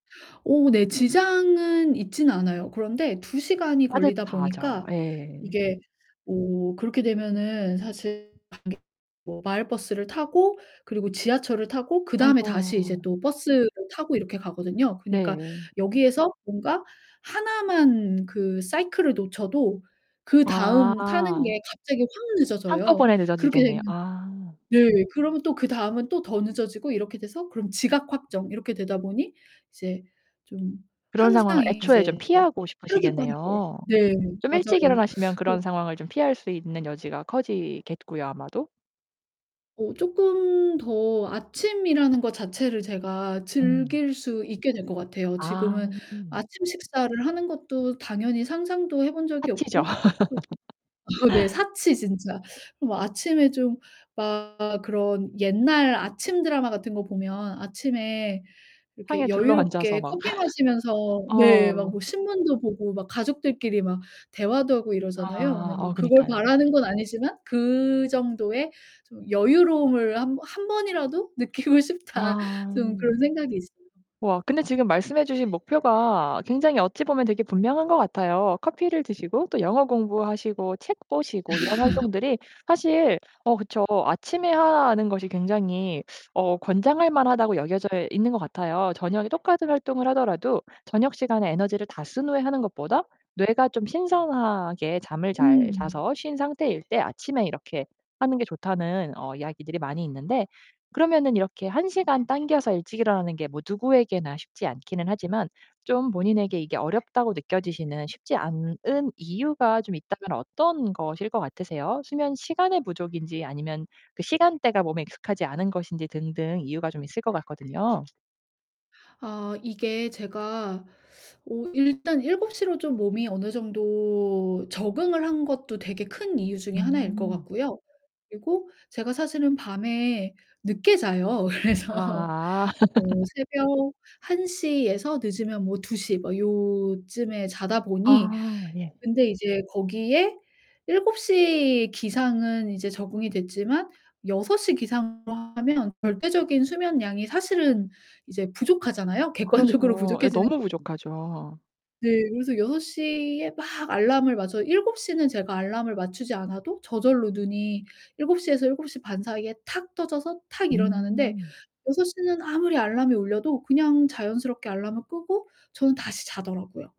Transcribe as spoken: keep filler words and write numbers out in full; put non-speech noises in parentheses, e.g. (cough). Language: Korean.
어 네. 지장은 있진 않아요. 그런데 두 시간이 걸리다 따뜻하죠. 보니까 예. 이게 뭐 그렇게 되면은 사실 (unintelligible) 뭐 마을버스를 타고 그리고 지하철을 타고 그다음에 아이고. 다시 이제 또 버스를 타고 이렇게 가거든요. 그니까 네. 여기에서 뭔가 하나만 그 사이클을 놓쳐도 그다음 타는 아. 게 갑자기 확 늦어져요. 한꺼번에 그렇게 늦어지겠네요. 되면 아. 네. 그러면 또 그 다음은 또 더 늦어지고 이렇게 돼서 그럼 지각 확정 이렇게 되다 보니 이제 좀 그런 항상 상황을 애초에 좀 이제 피하고 빠르게 빠르게 싶으시겠네요. 네 좀 일찍 맞아요. 일어나시면 그런 그 상황을 좀 피할 수 있는 여지가 커지겠고요, 아마도. 어 쪼끔 더 아침이라는 거 자체를 제가 음. 즐길 수 있게 될 것 같아요. 아. 지금은 아침 식사를 하는 것도 당연히 상상도 해 본 적이 파티죠. 없고 또 어 네. (laughs) 사치 진짜. 뭐 아침에 좀 막 그런 옛날 아침 드라마 같은 거 보면 아침에 상에 이렇게 둘러 앉아서 여유롭게 막 커피 (laughs) 마시면서 네 막 뭐 어. 신문도 보고 막 가족들끼리 막 대화도 하고 이러잖아요. 아. 근데 뭐 어 그걸 그니까요. 바라는 건 아니지만 '그 정도의 좀 여유로움을 한 번 한 번이라도 느끼고 싶다.' 아. 좀 그런 생각이 있어요. 우와 근데 지금 말씀해 주신 목표가 굉장히 어찌 보면 되게 분명한 것 같아요. 커피를 드시고 또 영어 공부하시고 책 보시고 이런 (laughs) 활동들이 사실 어 그쵸. 아침에 하는 것이 굉장히 어 권장할 만하다고 여겨져 있는 것 같아요. 저녁에 똑같은 활동을 하더라도 저녁 시간에 에너지를 다 쓴 후에 하는 것보다 뇌가 좀 신선하게 잠을 잘 음. 자서 쉰 상태일 때 아침에 이렇게 하는 게 좋다는 어 이야기들이 많이 있는데 그러면은 이렇게 한 시간 당겨서 일찍 일어나는 게 뭐 누구에게나 쉽지 않기는 하지만 좀 본인에게 이게 어렵다고 느껴지시는 쉽지 않은 이유가 좀 있다면 어떤 것일 것 같으세요? 수면 시간의 부족인지 아니면 그 시간대가 몸에 익숙하지 않은 것인지 등등 이유가 좀 있을 것 같거든요. 아 이게 제가 어 일단 일곱 시 로 좀 몸이 어느 정도 적응을 한 것도 되게 큰 이유 중에 하나일 것 음. 같고요. 그리고 제가 사실은 밤에 늦게 자요. 그래서 아. 뭐 (laughs) 새벽 한 시 에서 늦으면 뭐 두 시 막 요쯤에 자다 보니 아 예. 근데 이제 거기에 일곱 시 기상은 이제 적응이 됐지만 여섯 시 기상으로 하면 절대적인 수면량이 사실은 이제 부족하잖아요. 객관적으로 그렇죠. 예 부족해지는 너무 거 부족하죠. 네. 그래서 여섯 시 에 막 알람을 맞춰 일곱 시 는 제가 알람을 맞추지 않아도 저절로 눈이 일곱 시 에서 7:30사이에 탁 떠져서 탁 일어나는데 음. 여섯 시 는 아무리 알람이 울려도 그냥 자연스럽게 알람을 끄고 저는 다시 자더라고요.